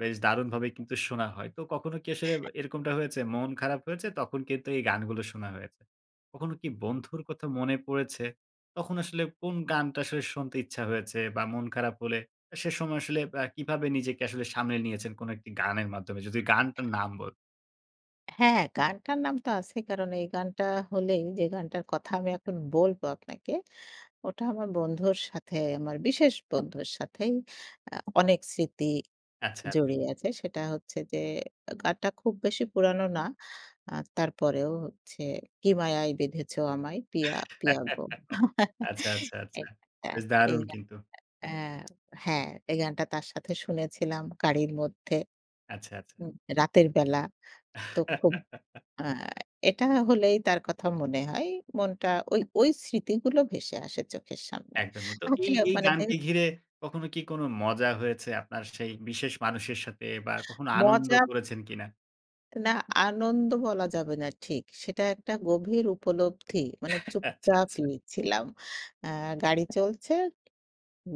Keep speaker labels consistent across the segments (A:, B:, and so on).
A: বেশ দারুণভাবে কিন্তু
B: [unintelligible]
A: শোনা হয়। তো কখনো কি আসলে এরকমটা হয়েছে, মন খারাপ হয়েছে তখন কিন্তু এই গানগুলো শোনা হয়েছে। কখনো কি বন্ধুর কথা মনে পড়েছে, তখন আসলে কোন গানটা আসলে শুনতে ইচ্ছা হয়েছে বা মন খারাপ হলে, সে সময় আসলে এ্যা কিভাবে নিজেকে আসলে সামনে নিয়েছেন কোনো একটি গানের মাধ্যমে যদি গানটার নাম বল
B: হ্যাঁ, গানটার নাম তো আছেই কারণ এই গানটা হলেই, যে গানটার কথা আমি এখন বলব আপনাকে, ওটা আমার বন্ধুর সাথে আমার বিশেষ বন্ধুর সাথেই এ্যা অনেক স্মৃতি
A: আচ্ছা।
B: জড়িয়ে আছে। সেটা হচ্ছে যে, এ গানটা খুব বেশি পুরানো না। এ্যা তারপরেও হচ্ছে, 'কি মায়ায় বেঁধেছে আমায় পিয়া, পিয়াগো।'
A: আচ্ছা, আচ্ছা, আচ্ছা।
B: একটা
A: বেশ
B: এই
A: দারুণ
B: গানটা।
A: কিন্তু।
B: এই গানটা আ হ্যাঁ, তার সাথে শুনেছিলাম, গাড়ির মধ্যে।
A: আচ্ছা, আচ্ছা।
B: হু, রাতের বেলা। তো খুব এ্যা এটা হলেই তার কথা মনে হয়। মনটা ঐ ঐ স্মৃতিগুলো ভেসে আসে চোখের সামনে।
A: একদমই তো।
B: আর হচ্ছে
A: এই এই
B: মানে যে
A: গানকে ঘিরে, কখনো কি কোনো মজা হয়েছে আপনার সেই বিশেষ মানুষের সাথে বা কখনো আনন্দ
B: মজা
A: করেছেন কিনা?
B: না। আনন্দ বলা যাবে না ঠিক। সেটা একটা গভীর উপলব্ধি। মানে
A: আচ্ছা,
B: চুপচাপ
A: আচ্ছা।
B: লিখ ছিলাম। এ্যাঁ গাড়ি চলছে,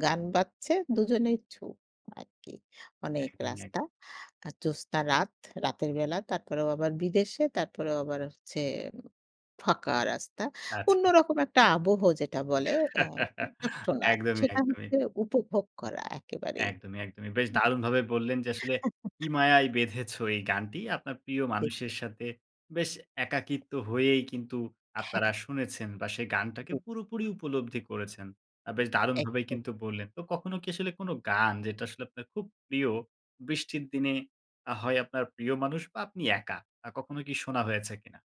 B: গান বাজছে, দুজনেই চুপ আরকি অনেক
A: একদমই, এক
B: রাস্তা। আর জ্যোৎস্না রাত রাতের বেলা তারপরেও আবার বিদেশে তারপরেও আবার হচ্ছে ফাঁকা রাস্তা। অন্য
A: আচ্ছা।
B: রকম একটা আবহ যেটা বলে এ্যাঁ চুপচাপ শোনা
A: একদমই,
B: সেটা
A: একদমই।
B: হচ্ছে উপভোগ করা একেবারেই।
A: একদমই, একদমই বেশ
B: [unintelligible]
A: দারুণভাবে বললেন যে আসলে, 'কি মায়ায় বেঁধেছো' এই গানটি আপনার প্রিয়
B: দেখছি।
A: মানুষের সাথে বেশ একাকিত্ব হয়েই কিন্তু আপনারা
B: হ্যাঁ।
A: শুনেছেন বা সেই গানটাকে
B: জি।
A: পুরোপুরি উপলব্ধি করেছেন। এ্যাঁ বেশ দারুণভাবেই
B: একদম।
A: কিন্তু বললেন। তো কখনো কি আসলে কোনো গান, যেটা আসলে আপনার খুব প্রিয়, বৃষ্টির দিনে, আ হয় আপনার প্রিয় মানুষ বা আপনি একা, আ কখনো কি শোনা হয়েছে কিনা?